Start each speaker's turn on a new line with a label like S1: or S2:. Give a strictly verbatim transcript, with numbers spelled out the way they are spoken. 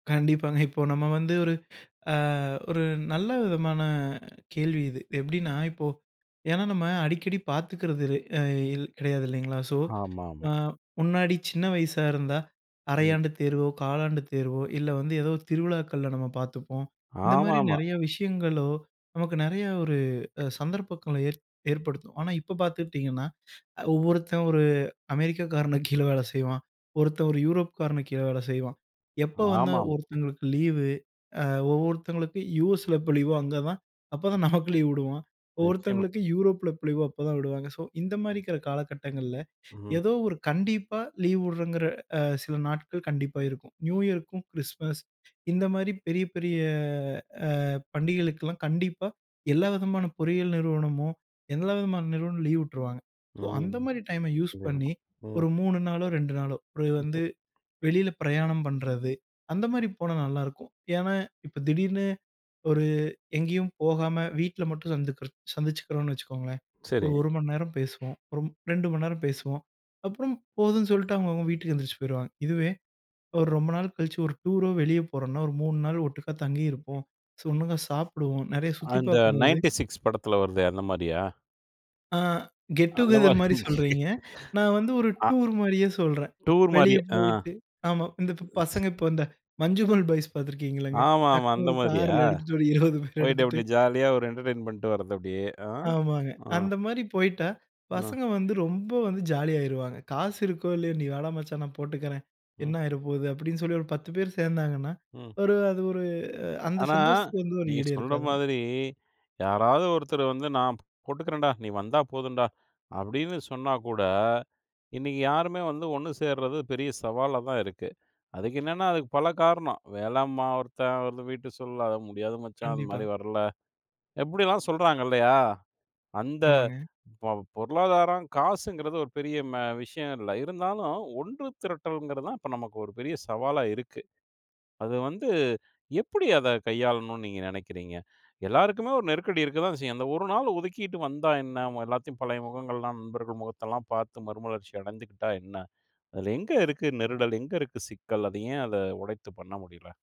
S1: கண்டிப்பாங்க, இப்போ நம்ம வந்து ஒரு, அ ஒரு நல்ல விதமான கேள்வி இது. எப்டின்னா, இப்போ ஏன்னா நம்ம அடிக்கடி பார்த்துக்கிறது அ இல் கிடையாது இல்லைங்களா. ஸோ,
S2: ஆமாமா.
S1: முன்னாடி சின்ன வயசா இருந்தா,
S2: ம்.
S1: அரையாண்டு தேர்வோ, காலாண்டு தேர்வோ, இல்ல வந்து ஏதோ திருவிழாக்கள்ல நம்ம பார்த்துப்போம். இந்த மாரி
S2: ஆமாமா.
S1: நிறையா விஷயங்களோ, நமக்கு நிறையா ஒரு அ சந்தர்ப்பங்களை ஏ ஏற்படுத்தும். ஆனா இப்போ பாத்துக்கிட்டீங்கனா, ஒவ்வொருத்தன் ஒரு அமெரிக்காகாரனுக்கு கீழே வேலை செய்வான், ஒருத்தன் ஒரு யூரோப்காரனுக்கு கீழே வேலை செய்வான். எப்போ வந்து
S2: ஆமாமா.
S1: ஒருத்தவங்களுக்கு லீவ், அ ஒவ்வொருத்தவங்களுக்கு USல எப்போ லீவோ அங்க தான், அப்போ தான் நமக்கு லீவ் உடுவான்.
S2: நிச்சியமா.
S1: ஒருத்தங்களுக்கு Europeல எப்ப லீவோ அப்போதான் விடுவாங்க. ஸோ, இந்த மாரி இருக்கிற காலகட்டங்கள
S2: ம்.
S1: ஏதோ ஒரு கண்டிப்பா லீவ் விடுறேங்கிற சில நாட்கள் கண்டிப்பாக இருக்கும். நியூயர், கிறிஸ்மஸ் இந்த மாரி பெரிய பெரிய அ பண்டிகைகளுக்கெல்லாம் கண்டிப்பா எல்லா விதமான பொறியியல் நிறுவனமும், எல்லா விதமான நிறுவனமும் லீவ் விட்ருவாங்க ஸோ, அந்த
S2: ம்.
S1: மாரி டைம் யூஸ் பண்ணி
S2: ம்.
S1: ஒரு மூணு நாளோ, ரெண்டு நாளோ ஒரு
S2: இப்போ
S1: வந்து வெளில பிரயாணம் பண்றது, அந்த மாரி போனா நல்லாருக்கும். ஏன்னா இப்போ திடீர்னு ஒரு எங்கேயும் போகாம வீட்ல மட்டும் [unintelligible] சந்தி சந்திச்சிக்கிறோம்னு வச்சுக்கோங்களேன்,
S2: சரி.
S1: ஒரு ஒரு மணி நேரம் பேசுவோம், ஒரு ரெண்டு மணி நேரம் பேசுவோம். அப்றம் போதுன்னு சொல்லிட்டு அவங்கவங்க வீட்டுக்கு எந்திரிச்சு போயிருவாங்க. இதுவே, ஒரு ரொம்ப நாள் கழிச்சு ஒரு டூரோ, வெளியே போறோம்னா, ஒரு மூணு நாள் ஒட்டுக்கா தங்கியிருப்போம், ஒட்டுக்கா சாப்பிடுவோம். நிறைய சுத்தி
S2: அந்த
S1: பாக்கும்போது
S2: நைன்டி சிக்ஸ் படத்துல வருதே அந்த மாரியா?
S1: ஆ
S2: அந்த
S1: கெட்டூகெதெர் மாரி
S2: மாதிரி
S1: சொல்றீங்க. நா வந்து ஒரு
S2: அ
S1: டூர் மாரியே சொல்றேன்.
S2: டூர்
S1: வெளியே
S2: மாரியே ஆ.
S1: போய்ட்டு, ஆமா இந்த பசங்க இப்ப இந்த, மஞ்சுமல் பாய்ஸ் பாத்துருக்கீங்கள்லங்க?
S2: ஆமாமா
S1: டக்னு
S2: அந்த
S1: ஒரு
S2: மாரியா,
S1: கார்ல எடுத்துட்டு ஒரு இருவது பேர்
S2: போயிட்டு
S1: எடுத்துட்டு.
S2: அப்படி ஜாலியா ஒரு என்டர்டெயின்மெண்ட் பன்னிட்டு வரது அப்படியே ஆஹ்
S1: ஆமாங்க.
S2: அ.
S1: அந்த மாரி போய்ட்டா,
S2: அ.
S1: பசங்க வந்து ரொம்ப வந்து ஜாலி ஆயிருவாங்க. காசு இருக்கோ, இல்லையோ. நீ வாடா மச்சான் நான் போட்டுக்கிறேன்,
S2: ம்.
S1: என்ன ஆய்ற போது அப்படின்னு சொல்லி ஒரு பத்து பேர் சேந்தாங்கன்னா,
S2: ம்.
S1: ஒரு அது ஒரு அந்த
S2: ஆனா
S1: சந்தோஷத்துக்கு வந்து ஒரு
S2: நீங்க
S1: ஈடே
S2: சொல்ற
S1: இருக்காதுங்க.
S2: மாதிரி, யாராவது ஒருத்தர் வந்து, "நான் போட்டுக்கிறேன்டா, நீ வந்தா போதும்டா" அப்படின்னு சொன்னா கூட, இன்னைக்கு யாருமே வந்து ஒன்னு சேர்றது பெரிய சவாலா தான் இருக்கு. அதுக்கு என்னன்னா அதுக்கு பல காரணம், "வேலைம்மா ஒருத்தன், ஒரு வீட்டுச் சூழல் அது முடியாது மச்சான் அந்த
S1: கண்டிப்பா.
S2: மாதிரி வரல." இப்படியெல்லாம் சொல்றாங்க இல்லையா? அந்த
S1: ஆமாங்க.
S2: பொருளாதாரம் காசுங்கிறது ஒரு பெரிய மே விஷயம் இல்ல. இருந்தாலும் ஒன்று திரட்டல்ங்கிறது தான் இப்போ நமக்கு ஒரு பெரிய சவாலா இருக்கு. அது வந்து எப்படி அதை கையாளணும்னு நீங்க நினைக்கிறீங்க? எல்லோருக்குமே ஒரு நெருக்கடி இருக்க தான் செய்யும். அந்த ஒரு நாள் ஒதுக்கிட்டு வந்தா என்ன? எல்லாத்தையும் பழைய முகங்கள் எல்லாம் நண்பர்கள் முகத்தை எல்லாம் பார்த்து மறுமலர்ச்சி அடைந்துகிட்டா என்ன? அதில் எங்கே இருக்கு நெருடல், எங்கே இருக்கு சிக்கல், அது ஏன் அதை உடைத்து பண்ண முடியல?